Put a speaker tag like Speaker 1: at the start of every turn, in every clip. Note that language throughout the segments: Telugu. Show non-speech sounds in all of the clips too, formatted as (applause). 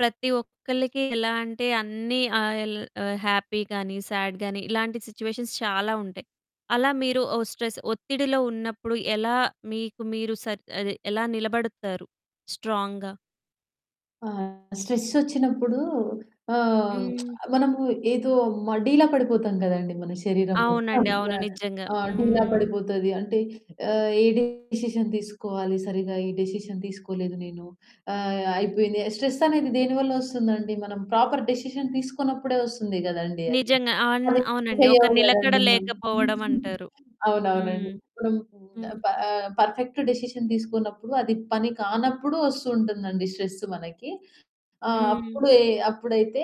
Speaker 1: ప్రతి ఒక్కళ్ళకి ఎలా అంటే అన్నీ ఆహ్, యెల్ హ్యాపీ గాని, సేడ్ గాని ఇలాంటి సిట్యుయేషన్స్ చాలా ఉంటాయి. అలా మీరు స్ట్రెస్ ఒత్తిడిలో ఉన్నప్పుడు ఎలా మీకు మీరు సెట్ అదే ఎలా నిలబడతారు స్ట్రాంగ్‌గా?
Speaker 2: ఆహ్, స్ట్రెస్సోచ్చినప్పుడు ఆహ్, (smacks lips)
Speaker 1: హ్మ్.
Speaker 2: మనము ఏదో మ డీలా పడిపోతాం కదండీ! మన శరీరం మొత్తం
Speaker 1: అవునండి. అవును. నిజంగా.
Speaker 2: ఆహ్, డీలా
Speaker 1: హ్మ్.
Speaker 2: పడిపోతది. అంటే ఏ డిసిషన్ తీసుకోవాలి సరిగ్గా, ఈ డిసిషన్ తీసుకోలేదు నేను, ఆహ్, అయిపోయింది. స్ట్రెస్ అనేది దేనివల్ల వస్తుందండి? మనం ప్రాపర్ డిసిషన్ తీసుకోనప్పుడే వస్తుంది కదండీ అది.
Speaker 1: నిజంగా! ఆన్
Speaker 2: పని
Speaker 1: అవునండి. ఒక
Speaker 2: చేయవు
Speaker 1: నిలకడ
Speaker 2: కదండీ!
Speaker 1: లేకపోవడమంటారు. హ్మ్.
Speaker 2: అవునవునండి.
Speaker 1: హ్మ్.
Speaker 2: పర్ఫెక్ట్ డిసిషన్ తీసుకోనప్పుడు అది పని కానప్పుడు వస్తుంటుందండి స్ట్రెస్ మనకి. ఆహ్,
Speaker 1: హ్మ్.
Speaker 2: అప్పుడు, అప్పుడైతే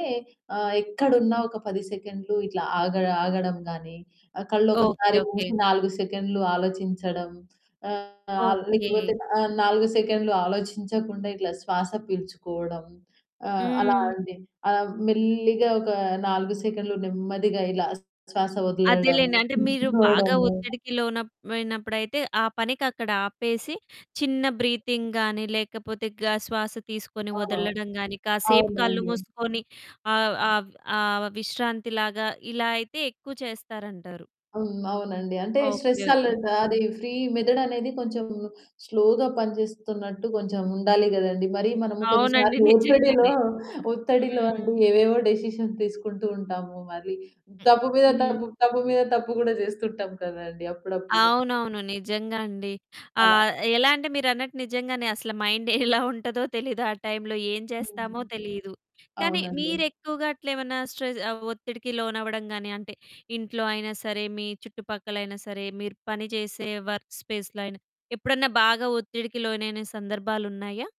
Speaker 2: ఆహ్, ఎక్కడున్నా ఒక 10 సెకండ్‌లు ఇట్లా ఆగ ఆగడం గాని కళ్ళొకసారి
Speaker 1: ఓకె. ఓకె.
Speaker 2: మూసి 4 సెకన్లు ఆలోచించడం, ఆహ్,
Speaker 1: ఓకె.
Speaker 2: లేకపోతే 4 సెకన్లు ఆలోచించకుండా ఇట్లా శ్వాస పీల్చుకోవడం, ఆహ్, అలా
Speaker 1: హ్మ్.
Speaker 2: అండి మెల్లిగా ఒక 4 సెకండ్లు నెమ్మదిగా ఇలా శ్వాస వదలడం
Speaker 1: అదేలెండి. అంటే మీరు బాగా
Speaker 2: తిప్పుకోవడము.
Speaker 1: ఒత్తిడికి లోన లోనప్పుడైతే ఆ పనికక్కడ ఆపేసి, చిన్న బ్రీతింగ్‌ గాని లేకపోతే, గ శ్వాస తీసుకొని
Speaker 2: ఆ!
Speaker 1: వదలడం గాని, కాసేపు కళ్ళు
Speaker 2: అవునండి.
Speaker 1: మూసుకొని ఆహ్, ఆబ్ ఆహ్, విశ్రాంతిలాగా ఇలా అయితే ఎక్కువ చేస్తారంటారు.
Speaker 2: హ్మ్. అవునండి. అంటే
Speaker 1: ఓకె.
Speaker 2: Stress
Speaker 1: okay.
Speaker 2: అలర్ట్ అది ఫ్రీ మెదడనేది కొంచెం స్లోగా పనిచేస్తున్నట్టు కొంచెం ఉండాలి కదండీ! మరి మనము
Speaker 1: అవునండి.
Speaker 2: కొన్నిసార్లు ఒత్తిడిలో,
Speaker 1: నిజంగానే.
Speaker 2: ఒత్తిడిలో అంటే
Speaker 1: హ్మ్.
Speaker 2: ఏవేవో డిసిషన్ తీసుకుంటూ ఉంటాము. మళ్ళీ తప్పు మీద
Speaker 1: హ్మ్.
Speaker 2: తప్పు, తప్పు మీద తప్పు కూడా చేస్తుంటాం కదండీ అప్పుడప్పుడు.
Speaker 1: అవునవును. నిజంగా అండి.
Speaker 2: అలా.
Speaker 1: ఆహ్, ఎలా అంటే మీరన్నట్టు నిజంగానే అసలు మైండ్ ఎలా ఉంటదో తెలీదు. ఆ టైమ్‌లో ఏం చేస్తామో
Speaker 2: హ్మ్.
Speaker 1: తెలీదు. కానీ
Speaker 2: అవునండి.
Speaker 1: మీరెక్కువగా అట్లేమన్నా స్ట్రెస్ ఒత్తిడికి లోనవ్వడం కాని అంటే ఇంట్లో అయినా సరే మీ చుట్టుపక్కలైనా సరే మీరు పని చేసే వర్క్ స్పేస్‌లో అయినా ఎప్పుడన్నా బాగా ఒత్తిడికి లోనైన సందర్భాలున్నాయా?